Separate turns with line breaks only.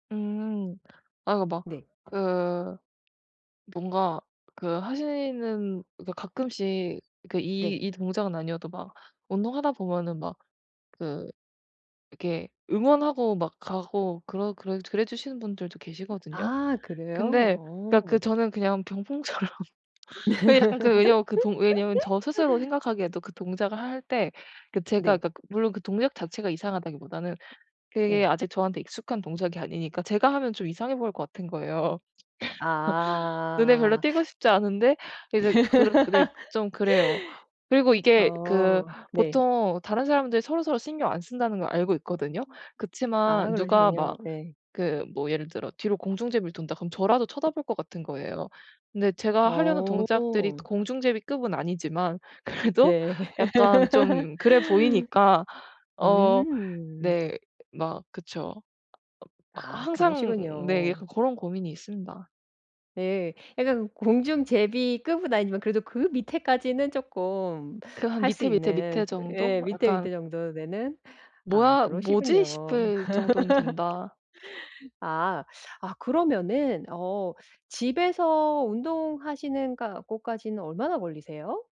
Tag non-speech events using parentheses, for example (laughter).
음. 아 그 막
네.
그 뭔가 그 하시는 그니까 가끔씩 그 이
네.
이 동작은 아니어도 막 운동하다 보면은 막 그 이렇게 응원하고 막 가고 그러 그래 그래 주시는 분들도 계시거든요.
아 그래요?
근데 그러니까 그
어.
저는 그냥 병풍처럼 그 약간 그 왜냐면 그 동 왜냐면 저 스스로
(laughs)
생각하기에도 그 동작을 할 때 그 제가
네.
그러니까 물론 그 동작 자체가 이상하다기보다는 그게
네.
아직 저한테 익숙한 동작이 아니니까 제가 하면 좀 이상해 보일 것 같은 거예요. (laughs) 눈에 별로
아.
띄고 싶지 않은데 이제 그렇게 네 좀 그래요. 그리고
(laughs)
이게 그
어. 네.
보통 다른 사람들이 서로서로 신경 안 쓴다는 걸 알고 있거든요.
음. 아
그치만 누가 막
그러시군요. 예.
그 뭐 예를 들어 뒤로 공중제비를 돈다 그러면 저라도 쳐다볼 것 같은 거예요. 근데 제가 하려는 동작들이
어.
공중제비 급은 아니지만 그래도
네.
약간
(laughs)
좀 그래 보이니까 어
음.
네 막 그쵸. 막
아
항상 네
그러시군요.
약간 고런 고민이 있습니다.
예. 약간 공중제비 급은 아니지만 그래도 그 밑에까지는 쪼끔
그 한
할 수
밑에, 밑에,
있는
밑에
예
정도.
밑에,
약간
밑에 정도 되는. 아
'뭐야? 뭐지?'
그러시군요.
싶을 정도는 된다.
아. 아 그러면은 어 집에서 운동하시는 간 곳까지는 얼마나 걸리세요?